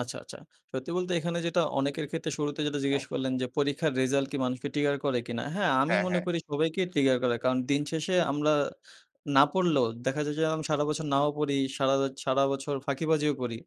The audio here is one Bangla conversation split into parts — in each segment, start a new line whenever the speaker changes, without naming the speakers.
আচ্ছা, আচ্ছা। সত্যি বলতে এখানে যেটা অনেকের ক্ষেত্রে শুরুতে যেটা জিজ্ঞেস করলেন, যে পরীক্ষার রেজাল্ট কি মানুষকে ট্রিগার করে কিনা? হ্যাঁ, আমি
হ্যাঁ,
মনে
হ্যাঁ।
করি সবাইকেই ট্রিগার করে কারণ দিন শেষে আমরা না পড়লেও দেখা যায় যে আমি সারা বছর নাও পড়ি সারা সারা বছর ফাঁকিবাজিও করি।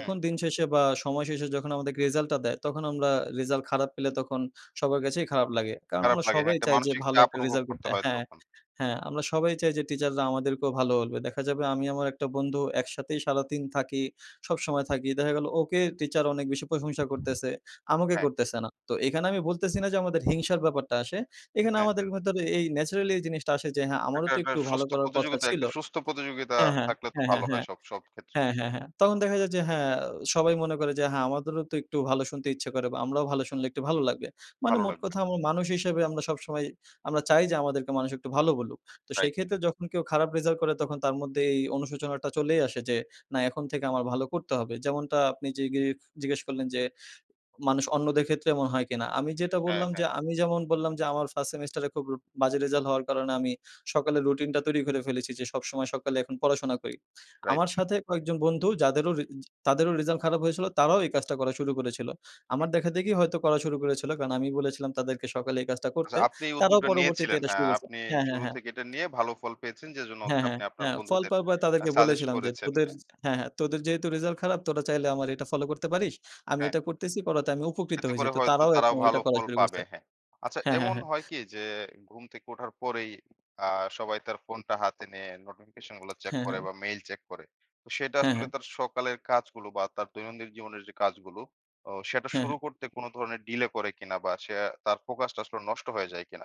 হুম।
দিন শেষে বা সময় শেষে যখন আমাদের কে রেজাল্টটা দেয়, তখন আমরা রেজাল্ট খারাপ পেলে তখন সবার কাছেই খারাপ লাগে। কারণ
খারাপ
আমরা
লাগে। হ্যাঁ,
সবাই
একটা
চাই যে
মানসিক
ভালো
চাপ
একটা
অনুভব
রেজাল্ট
করতে
করতে।
হয়
হ্যাঁ,
তখন।
হ্যাঁ, আমরা সবাই চাই যে টিচাররা আমাদেরকেও ভালো বলবে। দেখা যাবে আমি আমার একটা বন্ধু একসাথেই সারাদিন থাকি, সবসময় থাকি। দেখা গেল ওকে টিচার অনেক বেশি প্রশংসা করতেছে। আমাকে
হ্যাঁ।
করতেছে না। তো এখানে আমি বলতেছি না যে, আমাদের হিংসার ব্যাপারটা আসে। এখানে
হ্যাঁ।
আমাদের ভিতরে এই ন্যাচারালি জিনিসটা আসে যে, হ্যাঁ, আমারও
একটা,
তো
একটা
একটু ভালো
সুস্থ
করার কথা
প্রতিযোগিতা,
ছিল।
একটা সুস্থ প্রতিযোগিতা
হ্যাঁ, হ্যাঁ।
থাকলে তো
হ্যাঁ,
ভালো
হ্যাঁ,
হয়
হ্যাঁ।
সব, সব ক্ষেত্রেই।
হ্যাঁ, হ্যাঁ, হ্যাঁ। তখন দেখা যায় যে, হ্যাঁ, সবাই মনে করে যে, হ্যাঁ, আমাদেরও তো একটু ভালো শুনতে ইচ্ছা করে বা আমরাও ভালো শুনলে একটু ভালো লাগবে। মানে
ভালো
মোট
লাগবে।
কথা মানুষ হিসেবে আমরা সবসময় আমরা চাই যে, আমাদেরকে মানুষ একটু ভালো বলুক। তো
রাইট।
সেই ক্ষেত্রে যখন কেউ খারাপ রেজাল্ট করে তখন তার মধ্যে এই অনুশোচনাটা চলেই আসে যে, না, এখন থেকে আমার ভালো করতে হবে। যেমনটা আপনি জিগে জিজ্ঞেস করলেন যে, মানুষ অন্যদের ক্ষেত্রে এমন হয় কিনা? আমি যেটা
হ্যাঁ,
বললাম
হ্যাঁ।
যে, আমি যেমন বললাম যে, আমার ফার্স্ট সেমেস্টার এ খুব বাজে রেজাল্ট হওয়ার কারণে আমি সকালে রুটিনটা তৈরি করে ফেলেছি যে, সবসময় সকালে এখন পড়াশোনা করি।
রাইট।
আমার সাথে কয়েকজন বন্ধু যাদেরও রি তাদেরও রেজাল্ট খারাপ হয়েছিল, তারাও এই কাজটা করা শুরু করেছিল।
হু।
আমার দেখাদেখি হয়তো করা শুরু করেছিল। কারণ আমি বলেছিলাম তাদেরকে সকালে এই কাজটা
আচ্ছা,
করতে।
আপনি এই
তারাও
উদ্যোগটা
পরবর্তীতে
নিয়েছিলেন।
এটা শুরু
হ্যাঁ,
করেছে।
আপনি
হ্যাঁ, হ্যাঁ,
শুরু
হ্যাঁ।
থেকে এটা নিয়ে ভালো ফল পেয়েছেন, যেজন্য হচ্ছে
হ্যাঁ, হ্যাঁ।
আপনি আপনার
হ্যাঁ। ফল
বন্ধুদের
পাওয়ার পরে
আ
তাদেরকে
সাজেস্ট
বলেছিলাম যে,
করেছেন। হ্যাঁ।
হ্যাঁ, হ্যাঁ, তোদের যেহেতু রিজাল্ট খারাপ, তোরা চাইলে আমার এটা ফলো করতে পারিস। আমি
হ্যাঁ।
এটা করতেছি, করাতে আমি উপকৃত
এতে
হয়েছি।
করে
তো
হয়তো
তারাও
তারাও
এখন
ভালো
ওইটা করা
ফল
শুরু
পাবে।
করছে।
হ্যাঁ। আচ্ছা
হ্যাঁ, হ্যাঁ,
এমন
হ্যাঁ।
হয় কি যে, ঘুম থেকে উঠার পরেই আ সবাই তার ফোনটা হাতে নিয়ে নোটিফিকেশন গুলা চেক
হ্যাঁ,
করে
হ্যাঁ।
বা মেইল চেক করে। তো সেটা
হ্যাঁ,
আসলে
হ্যাঁ।
তার সকালের কাজগুলো বা তার দৈনন্দিন জীবনের যে কাজগুলো, অ সেটা
হ্যাঁ,
শুরু
হ্যাঁ।
করতে, কোন ধরনের ডিলে করে কিনা বা সে তার ফোকাসটা আসলে নষ্ট হয়ে যায় কিনা।